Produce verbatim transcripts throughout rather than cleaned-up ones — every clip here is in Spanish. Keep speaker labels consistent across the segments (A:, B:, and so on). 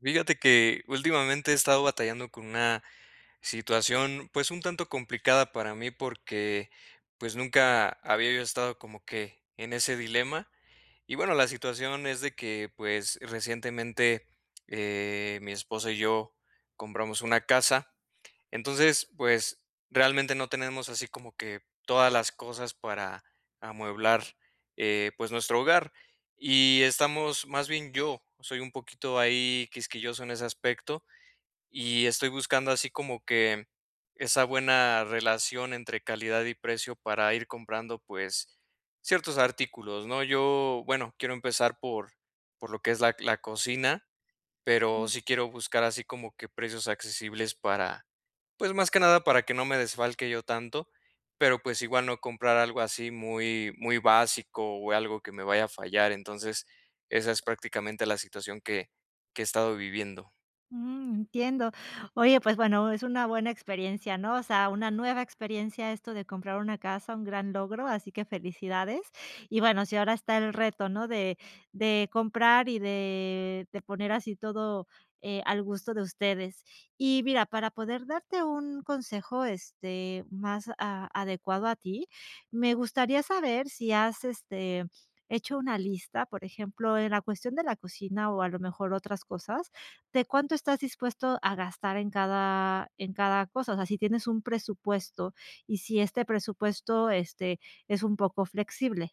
A: Fíjate que últimamente he estado batallando con una situación, pues, un tanto complicada para mí porque, pues, nunca había yo estado como que en ese dilema. Y bueno, la situación es de que, pues, recientemente, eh, mi esposa y yo compramos una casa, entonces, pues, realmente no tenemos así como que todas las cosas para amueblar, eh, pues, nuestro hogar, y estamos más bien yo, soy un poquito ahí quisquilloso en ese aspecto y estoy buscando así como que esa buena relación entre calidad y precio para ir comprando, pues ciertos artículos, ¿no?, yo, bueno, quiero empezar por por lo que es la c la cocina, pero
B: Ujú.
A: sí quiero buscar así como que precios accesibles para pues, más que nada para que no me desfalque yo tanto, pero pues igual no comprar algo así muy muy básico o algo que me vaya a fallar, entonces, esa es prácticamente la situación que que he estado viviendo.
B: Mm, entiendo. Oye, pues, bueno, es una buena experiencia, ¿no? O sea, una nueva experiencia esto de comprar una casa, un gran logro, así que felicidades. Y bueno, sí, ahora está el reto, ¿no? De de comprar, y de de poner así todo, eh, al gusto de ustedes. Y mira, para poder darte un consejo, este, más a adecuado a ti, me gustaría saber si has, este, hecho una lista. Por ejemplo, en la cuestión de la cocina, o a lo mejor otras cosas, ¿de cuánto estás dispuesto a gastar en cada en cada cosa? O sea, ¿sí tienes un presupuesto, y si este presupuesto, este, es un poco flexible?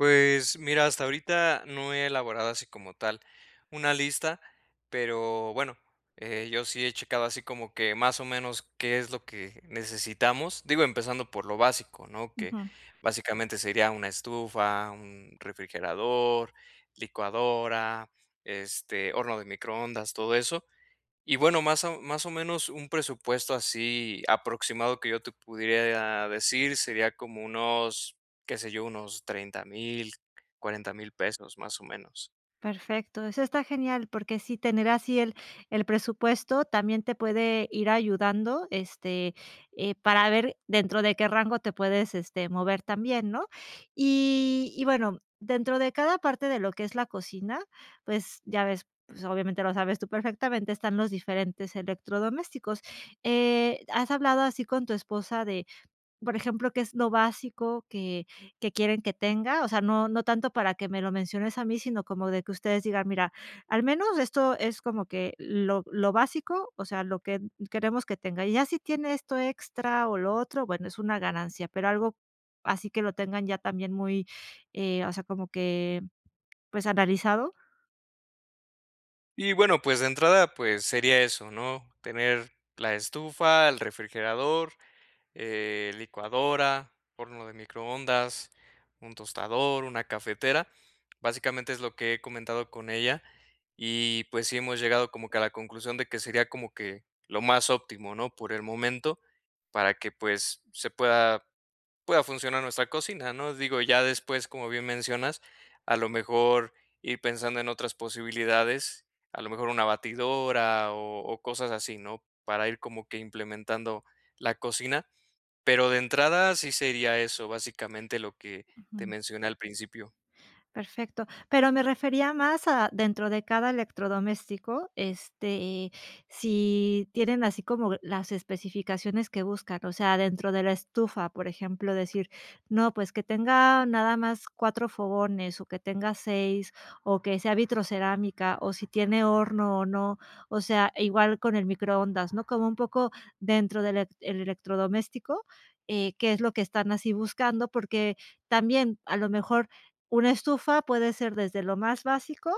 A: Pues, mira, hasta ahorita no he elaborado así como tal una lista, pero, bueno, eh, yo sí he checado así como que, más o menos, qué es lo que necesitamos. Digo, empezando por lo básico, ¿no? Que,
B: Ujú.
A: básicamente, sería una estufa, un refrigerador, licuadora, este, horno de microondas, todo eso. Y, bueno, más o más o menos, un presupuesto así aproximado que yo te pudiera decir sería como unos, qué sé yo, unos treinta mil, cuarenta mil pesos, más o menos.
B: Perfecto, eso está genial, porque sí, tener así el el presupuesto también te puede ir ayudando, este, eh, para ver dentro de qué rango te puedes, este, mover también, ¿no? Y y bueno, dentro de cada parte de lo que es la cocina, pues ya ves, pues obviamente lo sabes tú perfectamente, están los diferentes electrodomésticos. Eh, ¿has hablado así con tu esposa de, por ejemplo, qué es lo básico que que quieren que tenga? O sea, no no tanto para que me lo menciones a mí, sino como de que ustedes digan: "Mira, al menos esto es como que lo lo básico, o sea, lo que queremos que tenga. Y ya si tiene esto extra o lo otro, bueno, es una ganancia", pero algo así que lo tengan ya también muy, eh, o sea, como que, pues, analizado.
A: Y, bueno, pues, de entrada, pues sería eso, ¿no?, tener la estufa, el refrigerador, eh, licuadora, horno de microondas, un tostador, una cafetera. Básicamente, es lo que he comentado con ella y, pues, sí hemos llegado como que a la conclusión de que sería como que lo más óptimo, ¿no?, por el momento, para que, pues, se pueda pueda funcionar nuestra cocina, ¿no?, digo, ya después, como bien mencionas, a lo mejor ir pensando en otras posibilidades, a lo mejor una batidora o o cosas así, ¿no?, para ir como que implementando la cocina. Pero, de entrada, sí sería eso, básicamente, lo que te
B: Ujú.
A: mencioné al principio.
B: Perfecto. Pero me refería más a dentro de cada electrodoméstico, este, eh, si tienen así como las especificaciones que buscan, o sea, dentro de la estufa, por ejemplo, decir: "No, pues que tenga nada más cuatro fogones o que tenga seis o que sea vitrocerámica o si tiene horno o no". O sea, igual con el microondas, ¿no?, como un poco dentro del elec el electrodoméstico, eh, qué es lo que están así buscando, porque también a lo mejor una estufa puede ser desde lo más básico,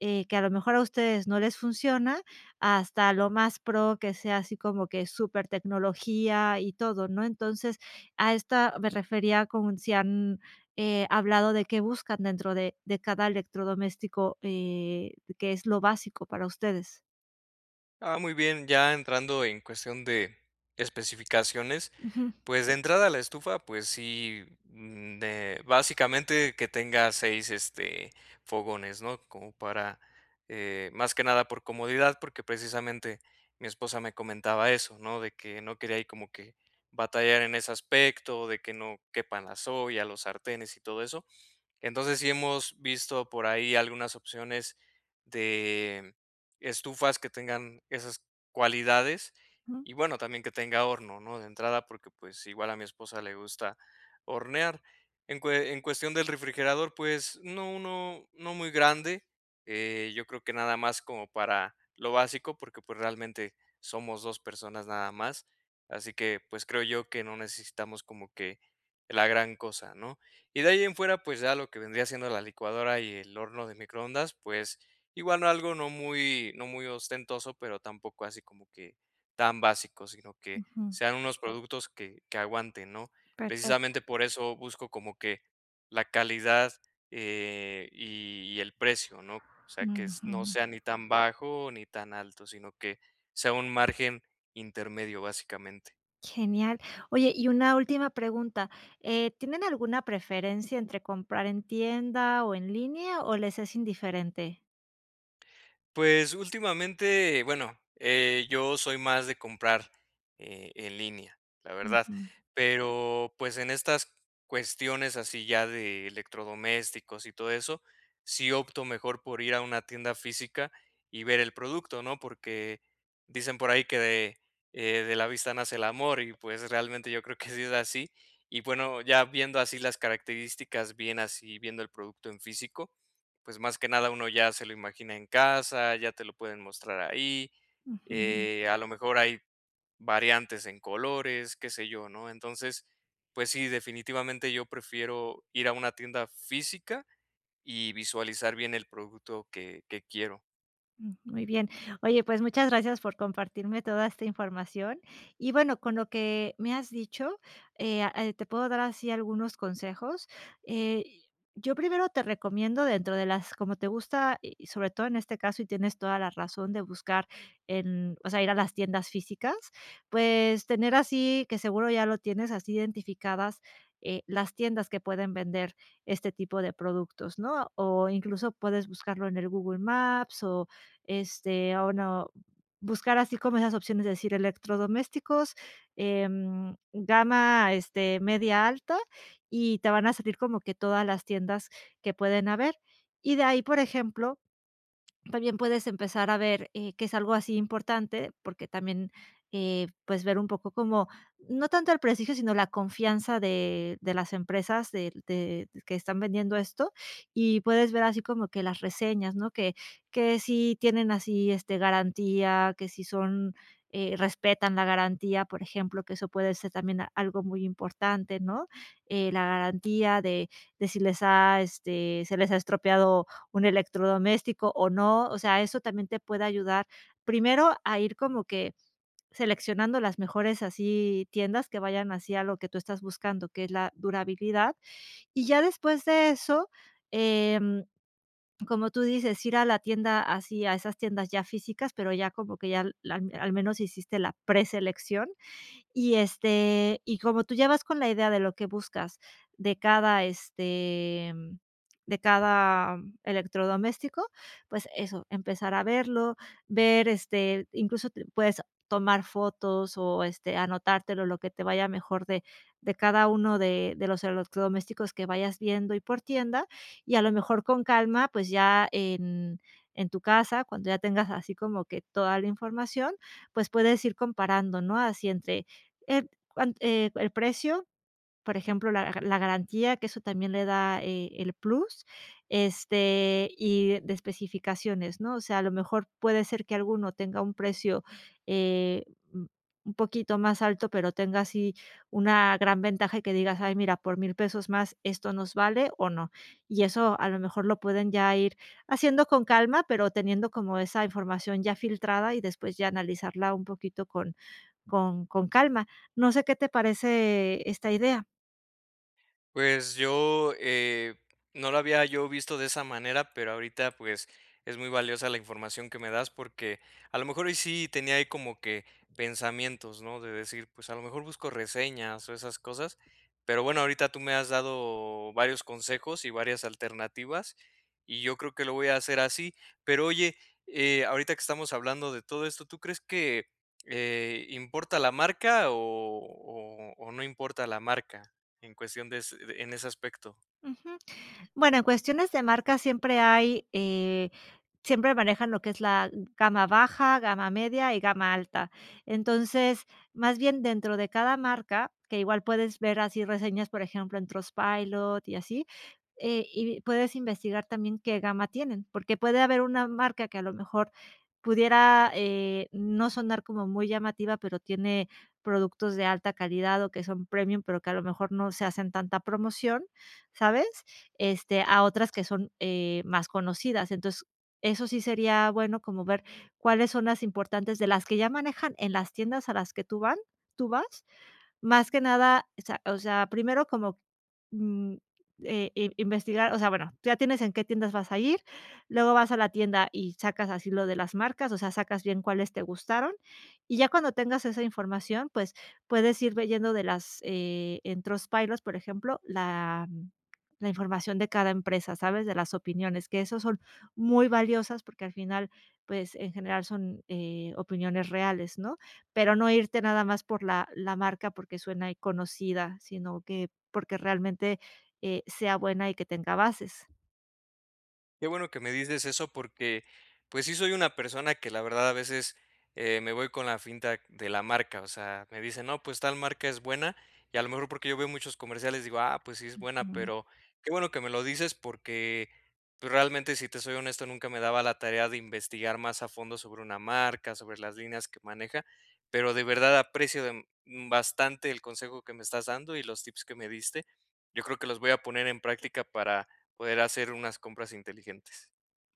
B: eh, que a lo mejor a ustedes no les funciona, hasta lo más pro que sea así como que supertecnología y todo, ¿no?, entonces, a esta me refería con si han, eh, hablado de qué buscan dentro de de cada electrodoméstico, eh, qué es lo básico para ustedes.
A: Ah, muy bien, ya entrando en cuestión de especificaciones,
B: Ujú.
A: pues, de entrada a la estufa, pues sí, mm, de básicamente, que tenga seis este, fogones ¿no?, como para, eh, más que nada, por comodidad porque, precisamente, mi esposa me comentaba eso, ¿no?, de que no quería ahí como que batallar en ese aspecto, de que no quepan las ollas, los sartenes y todo eso, entonces, sí hemos visto por ahí algunas opciones de estufas que tengan esas cualidades,
B: Ujú.
A: y bueno, también que tenga horno, ¿no?, de entrada porque, pues, igual a mi esposa le gusta hornear, en cue en cuestión del refrigerador, pues, uno uno no muy grande, eh, yo creo que nada más como para lo básico porque, pues, realmente somos dos personas nada más, así que, pues, creo yo que no necesitamos como que la gran cosa, ¿no?, y de ahí en fuera, pues, ya lo que vendría siendo la licuadora y el horno de microondas, pues, igual, algo no muy, no muy ostentoso, pero tampoco así como que tan básico, sino que
B: Ujú.
A: sean unos productos que, que aguanten ¿no?,
B: Perfecto.
A: precisamente por eso busco como que la calidad, eh, y y el precio, ¿no?, o sea, que no
B: Ujú.
A: sea ni tan bajo ni tan alto, sino que sea un margen intermedio, básicamente.
B: Genial, oye y una última pregunta, eh, ¿tienen alguna preferencia entre comprar en tienda o en línea, o les es indiferente?
A: Pues, últimamente, bueno, eh, yo soy más de comprar eh, en línea, la verdad,
B: Ujú.
A: pero, pues, en estas cuestiones así ya de electrodomésticos y todo eso, sí opto mejor por ir a una tienda física y ver el producto, ¿no?, porque dicen por ahí que de, eh, de la vista nace el amor, y pues realmente yo creo que sí es así. Y bueno, ya viendo así las características, bien así viendo el producto en físico, pues más que nada uno ya se lo imagina en casa, ya te lo pueden mostrar ahí,
B: Ujú.
A: eh, a lo mejor hay variantes en colores, qué sé yo, ¿no?, entonces, pues sí, definitivamente yo prefiero ir a una tienda física, y visualizar bien el producto que que quiero.
B: Mm. Muy bien. Oye, pues muchas gracias por compartirme toda esta información. Y bueno, con lo que me has dicho, eh, ah, eh, te puedo dar así algunos consejos. Eh, yo primero te recomiendo, dentro de las como te gusta, y sobre todo en este caso, y tienes toda la razón de buscar en o sea, ir a las tiendas físicas, pues tener así, que seguro ya lo tienes así identificadas, eh, las tiendas que pueden vender este tipo de productos, ¿no?, o incluso puedes buscarlo en el Google Maps o, este, o no buscar así como esas opciones, es decir, electrodomésticos, em, gama, este, media alta, y te van a salir como que todas las tiendas que pueden haber. Y de ahí, por ejemplo,, también puedes empezar a ver, eh, que es algo así importante, porque también, eh, puedes ver un poco como no tanto el prestigio, sino la confianza de-de las empresas del de que están vendiendo esto. Y puedes ver así como que las reseñas, ¿no?, que que si tienen así, este, garantía, que si son, eh, respetan la garantía, por ejemplo, que eso puede ser también algo muy importante, ¿no?, eh, la garantía de de si les ha, este, se les ha estropeado un electrodoméstico, o no. O sea, eso también te puede ayudar primero a ir como que seleccionando las mejores así tiendas que vayan así a lo que tú estás buscando, que es la durabilidad. Y ya después de eso, em, como tú dices, ir a la tienda, así a esas tiendas ya físicas, pero ya como que ya la al menos hiciste la preselección, y este, y como tú ya vas con la idea de lo que buscas de cada, este, de cada electrodoméstico, pues eso, empezar a verlo, ver este, incluso t puedes tomar fotos, o este anotártelo, lo que te vaya mejor de de cada uno de de los electrodomésticos que vayas viendo, y por tienda. Y a lo mejor con calma, pues ya en en tu casa cuando ya tengas así como que toda la información, pues puedes ir comparando, no así entre, en, cuant eh, el precio, por ejemplo, la ga la garantía que eso también le da, eh, el plus, este, y de especificaciones, ¿no?, o sea, a lo mejor puede ser que alguno tenga un precio, eh, un-un poquito más alto, pero tenga así una gran ventaja que digas, ay, mira, por mil pesos más esto nos vale, o no. Y eso a lo mejor lo pueden ya ir haciendo con calma, pero teniendo como esa información ya filtrada, y después ya analizarla un poquito con con con calma, ¿no sé qué te parece esta idea?
A: Pues yo, eh, no lo había yo visto de esa manera, pero ahorita, pues, es muy valiosa la información que me das, porque, a lo mejor hoy sí tenía ahí como que pensamientos, ¿no?, de decir, pues, a lo mejor busco reseñas o esas cosas, pero bueno, ahorita tú me has dado varios consejos y varias alternativas, y yo creo que lo voy a hacer así. Pero oye, eh, ahorita que estamos hablando de todo esto, ¿tú crees que, eh, importa la marca o o o no importa la marca en cuestión des de en ese aspecto?
B: Ujú, bueno, en cuestiones de marca siempre hay, eh, siempre manejan lo que es la gama baja, gama media y gama alta. Entonces, más bien dentro de cada marca, que igual puedes ver así reseñas, por ejemplo, en Trustpilot, y así, eh, y puedes investigar también qué gama tienen, porque puede haber una marca que a lo mejor pudiera, eh, no sonar como muy llamativa, pero tiene productos de alta calidad, o que son premium, pero que a lo mejor no se hacen tanta promoción, ¿sabes?, este a otras que son, eh, más conocidas. Entonces eso sí sería bueno como ver cuáles son las importantes de las que ya manejan en las tiendas a las que tú van tú vas, más que nada, o sea o sea, primero como, mm, eh, eh, investigar. O sea, bueno, tú ya tienes en qué tiendas vas a ir, luego vas a la tienda, y sacas así lo de las marcas, o sea, sacas bien cuáles te gustaron, y ya cuando tengas esa información, pues puedes ir viendo de las, eh, en Trustpilot, por ejemplo, la la información de cada empresa, sabes de las opiniones, que esos son muy valiosas, porque al final, pues en general son, eh, opiniones reales, ¿no?, pero no irte nada más por la la marca, porque suena ahí conocida, sino que porque realmente, eh, sea buena, y que tenga bases.
A: Qué bueno que me dices eso porque, pues sí soy una persona que, la verdad, a veces, eh, me voy con la finta de la marca, o sea, me dicen no, pues tal marca es buena, y a lo mejor, porque yo veo muchos comerciales digo, ah, pues sí es buena,
B: Ujú.
A: pero qué bueno que me lo dices porque, pues realmente, si te soy honesto, nunca me daba la tarea de investigar más a fondo sobre una marca, sobre las líneas que maneja, pero de verdad aprecio, mm, bastante el consejo que me estás dando y los tips que me diste. Yo creo que los voy a poner en práctica para poder hacer unas compras inteligentes.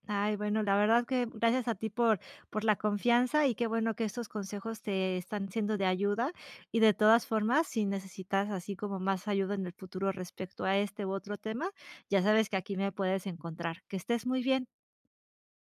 B: Ay, bueno, la verdad que gracias a ti por por la confianza, y qué bueno que estos consejos te están siendo de ayuda. Y de todas formas, si necesitas así como más ayuda en el futuro respecto a este, u otro tema, ya sabes que aquí me puedes encontrar. Que estés muy bien.